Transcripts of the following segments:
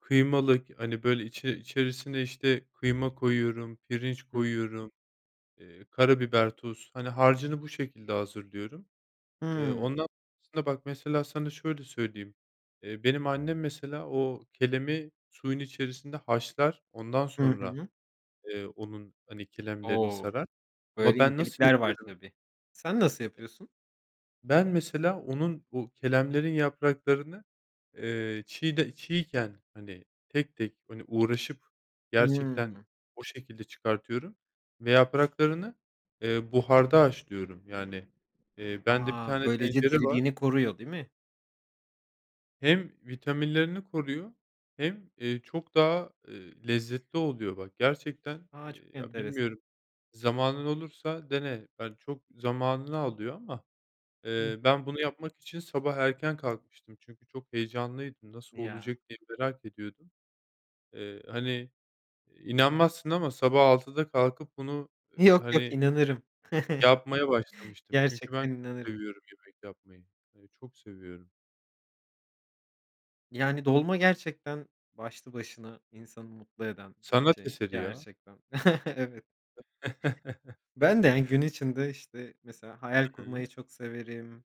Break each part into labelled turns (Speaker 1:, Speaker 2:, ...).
Speaker 1: Kıymalık, hani, böyle, içi içerisine, işte, kıyma koyuyorum, pirinç
Speaker 2: Hıı.
Speaker 1: koyuyorum, eee, karabiber, tuz, hani, harcını bu şekilde hazırlıyorum. Eee,
Speaker 2: Hımm.
Speaker 1: ondan sonra bak, mesela, sana şöyle söyleyeyim, eee, benim annem, mesela, o, kelemi suyun içerisinde haşlar, ondan
Speaker 2: Hı
Speaker 1: sonra,
Speaker 2: hı.
Speaker 1: eee, onun, hani, kelemlerini
Speaker 2: O!
Speaker 1: sarar ama
Speaker 2: Böyle
Speaker 1: ben nasıl
Speaker 2: incelikler var
Speaker 1: yapıyorum?
Speaker 2: tabii. Sen nasıl yapıyorsun?
Speaker 1: Ben mesela onun, bu, kelemlerin yapraklarını, eee, çiğde çiğken, hani, tek tek, hani, uğraşıp gerçekten
Speaker 2: Hımm.
Speaker 1: o şekilde çıkartıyorum ve yapraklarını, eee, buharda haşlıyorum. Yani, eee, bende
Speaker 2: A!
Speaker 1: tane
Speaker 2: Böylece
Speaker 1: tencere var.
Speaker 2: diriliğini koruyor, değil mi?
Speaker 1: Hem vitaminlerini koruyor hem eee, çok daha, eee, lezzetli oluyor. Bak gerçekten,
Speaker 2: A! Çok
Speaker 1: eee, ya,
Speaker 2: enteresan.
Speaker 1: bilmiyorum, zamanın olursa dene. Hani, çok zamanını alıyor ama,
Speaker 2: Hı
Speaker 1: eee,
Speaker 2: hı.
Speaker 1: ben bunu yapmak için sabah erken kalkmıştım. Çünkü çok heyecanlıydım. Nasıl
Speaker 2: Ya.
Speaker 1: olacak diye merak ediyordum. Eee, hani, inanmazsın ama sabah 6'da kalkıp bunu, eee,
Speaker 2: Yok, yok.
Speaker 1: hani,
Speaker 2: İnanırım.
Speaker 1: yapmaya başlamıştım. Çünkü ben
Speaker 2: Gerçekten
Speaker 1: çok
Speaker 2: inanırım.
Speaker 1: seviyorum yemek yapmayı. Hani, çok seviyorum.
Speaker 2: Yani, dolma gerçekten başlı başına insanı mutlu eden bir
Speaker 1: Sanat
Speaker 2: şey
Speaker 1: eseri ya.
Speaker 2: gerçekten. Evet. Ben de, yani, gün içinde, işte, mesela hayal
Speaker 1: Hı hı.
Speaker 2: kurmayı çok severim.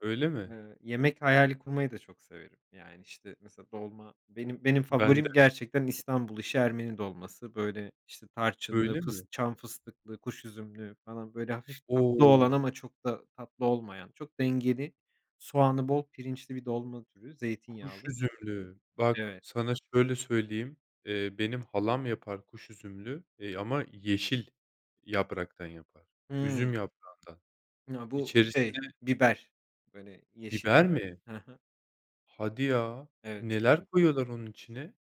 Speaker 1: Öyle mi?
Speaker 2: Eee, yemek hayali kurmayı da çok severim. Yani, işte, mesela, dolma, benim benim
Speaker 1: Ben de.
Speaker 2: favorim, gerçekten İstanbul işi Ermeni dolması. Böyle, işte, tarçınlı,
Speaker 1: Öyle
Speaker 2: fıs
Speaker 1: mi?
Speaker 2: çam fıstıklı, kuş üzümlü falan, böyle, hafif tatlı olan
Speaker 1: O!
Speaker 2: ama çok da tatlı olmayan, çok dengeli, soğanı bol, pirinçli bir dolma türü,
Speaker 1: Kuş
Speaker 2: zeytinyağlı.
Speaker 1: üzümlü. Bak,
Speaker 2: Evet.
Speaker 1: sana şöyle söyleyeyim. Eee, benim halam yapar kuş üzümlü, eee, ama yeşil yapraktan yapar,
Speaker 2: Hıı.
Speaker 1: üzüm yaprağından.
Speaker 2: Ya, bu,
Speaker 1: İçerisine
Speaker 2: şey, biber. Böyle, yeşil
Speaker 1: Biber
Speaker 2: biber.
Speaker 1: mi?
Speaker 2: Hı hı.
Speaker 1: Hadi ya.
Speaker 2: Evet, çok
Speaker 1: Neler
Speaker 2: [unintelligible]
Speaker 1: koyuyorlar onun içine?